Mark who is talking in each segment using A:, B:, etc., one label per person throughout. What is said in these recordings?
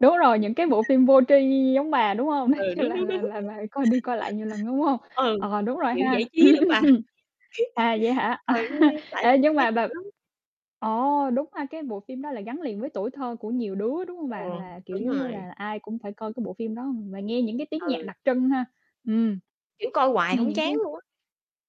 A: Đúng rồi, những cái bộ phim vô tri giống bà, đúng hông?
B: Ừ, đúng,
A: Là
B: đúng,
A: là
B: đúng.
A: là là coi đi coi lại nhiều lần, đúng hông?
B: Ừ,
A: Ờ, đúng rồi
B: kiểu,
A: ha.
B: giải trí
A: Ừm,
B: lắm
A: ưm
B: bà.
A: hừm. À, vậy hả?
B: Còn như tại
A: Ê, nhưng mà
B: stress dữ
A: bà
B: lắm.
A: ồ, đúng ha, cái bộ phim đó là gắn liền với tuổi thơ của nhiều đứa, đúng hông bà?
B: Ừm,
A: Là, kiểu
B: đúng
A: giống như
B: rồi.
A: là, ai cũng phải coi cái bộ phim đó và nghe những cái tiếng nhạc
B: Ừ.
A: đặc trưng ha. Ừm.
B: Kiểu coi hoài
A: Nghe
B: hông
A: những
B: chán
A: cái
B: luôn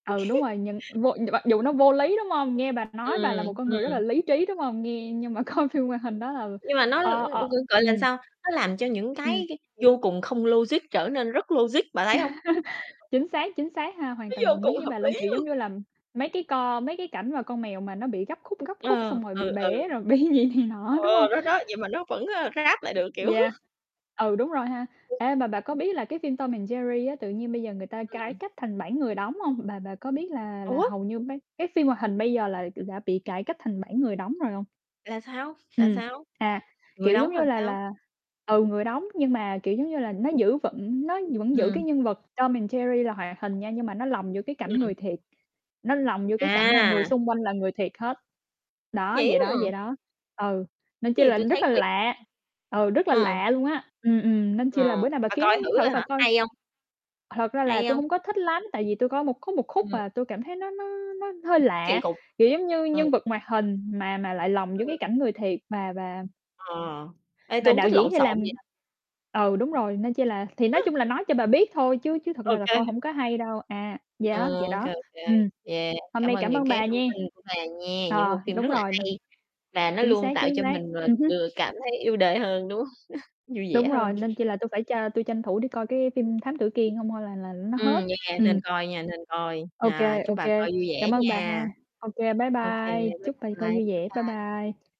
A: ừ, đúng
B: á.
A: rồi, nhưng vô mặc dù nó vô lý, đúng hông? Nghe bà nói bà là một
B: Ừm,
A: con người rất là
B: ừm.
A: lý trí, đúng hông? Nghe nhưng mà coi phim hoạt hình đó là
B: Nhưng mà nó
A: ờ, ờ,
B: [unintelligible] gọi là,
A: ừm.
B: sao? Nó làm cho những
A: Ừm.
B: cái cái vô cùng không logic trở nên rất logic, bà thấy hông?
A: Chính xác, chính xác ha, hoàn
B: Nó
A: toàn
B: vô
A: đồng ý
B: cùng
A: với
B: hợp
A: bà luôn.
B: lý
A: Kiểu giống
B: luôn.
A: như là mấy cái co mấy cái cảnh mà con mèo mà nó bị gấp khúc gấp, khúc
B: Ờ,
A: xong rồi bị
B: ừ, ừ.
A: bể rồi bị gì này nọ, đúng
B: Ờ,
A: hông?
B: đó, đó, vậy mà nó vẫn, ơ, ráp lại được, kiểu
A: Yeah. Ừ, đúng rồi ha. Ê, mà bà có biết là cái phim Tom and Jerry á tự nhiên bây giờ người ta cải
B: Ừm.
A: cách thành bản người đóng hông? Bà bà có biết là là
B: Ủa?
A: hầu như mấy cái phim hoạt hình bây giờ là [unintelligible] đã bị cải cách thành bản người đóng rồi hông?
B: Là sao? Là
A: Ừm,
B: sao?
A: à,
B: Người
A: kiểu giống
B: đóng là
A: như là
B: sao?
A: là ừ, người đóng nhưng mà, kiểu, giống như là nó giữ vững nó vẫn giữ cái
B: Ừm.
A: nhân vật Tom and Jerry là hoạt hình nha. Nhưng mà nó lồng giữa cái cảnh
B: Ừm.
A: người thiệt, nó lồng vô cái cảnh là người
B: À!
A: xung quanh là người thiệt hết. Đó,
B: Vậy
A: vậy đó,
B: á? Ờ.
A: vậy đó. Ừ, nên chi
B: Gì
A: là
B: tui
A: rất
B: thấy
A: là
B: kỳ.
A: lạ. Ừ, rất là
B: Ờ.
A: lạ luôn á. Ừm, ừm, nên chi
B: Ờ,
A: là bữa nào bà
B: bà
A: kiếm
B: coi thử
A: thử
B: rồi
A: bà
B: hả,
A: coi
B: hay hông?
A: thật ra là
B: Hay
A: tôi
B: hông?
A: hông có thích lắm, tại vì tôi coi một khúc, một khúc
B: Ừm.
A: à, tôi cảm thấy nó nó nó hơi
B: Kỳ
A: lạ.
B: cục,
A: Kiểu, giống như
B: ừm.
A: nhân vật hoạt hình mà mà lại lòng vô
B: Ừ.
A: cái cảnh người thiệt và và
B: À, ê, tui
A: và
B: hông
A: đạo
B: thích
A: diễn
B: lộn
A: thì làm
B: xộn vậy đâu.
A: ừ, đúng rồi. Nên chi là thì nói chung là nói cho bà biết thôi chứ chứ thật
B: Ô
A: ra là
B: kê.
A: coi hông có hay đâu. À, vậy á,
B: Ờ,
A: vậy
B: ô kê,
A: đó.
B: ô kê.
A: Ừm,
B: Yeah,
A: hôm
B: cảm
A: nay
B: ơn
A: cảm
B: những
A: ơn
B: cái
A: bà
B: thông
A: nhé.
B: tin của bà nhé, những
A: Ờ,
B: bộ phim
A: đúng
B: rất là
A: rồi [unintelligible]
B: hay và nó
A: chính
B: luôn
A: xác,
B: tạo
A: chính
B: cho
A: xác.
B: mình, ờ,
A: Ừm hưm.
B: vừa cảm thấy yêu đời hơn đúng hông? Vui vẻ
A: Đúng rồi,
B: hơn.
A: nên chi là tui phải cho tui tranh thủ đi coi cái phim Thám Tử Kiên hông thôi là là nó
B: Ừm,
A: hết.
B: yeah, nên
A: Ừm.
B: coi nha, nên coi.
A: Ô
B: À,
A: kê,
B: chúc
A: ô
B: bà
A: kê.
B: coi vui vẻ
A: Cảm ơn bà
B: nha.
A: ha. Ô kê, bye
B: Ô kê,
A: bye,
B: bye
A: chúc bà coi
B: bye, bye
A: vui vẻ, bye
B: bye.
A: bye.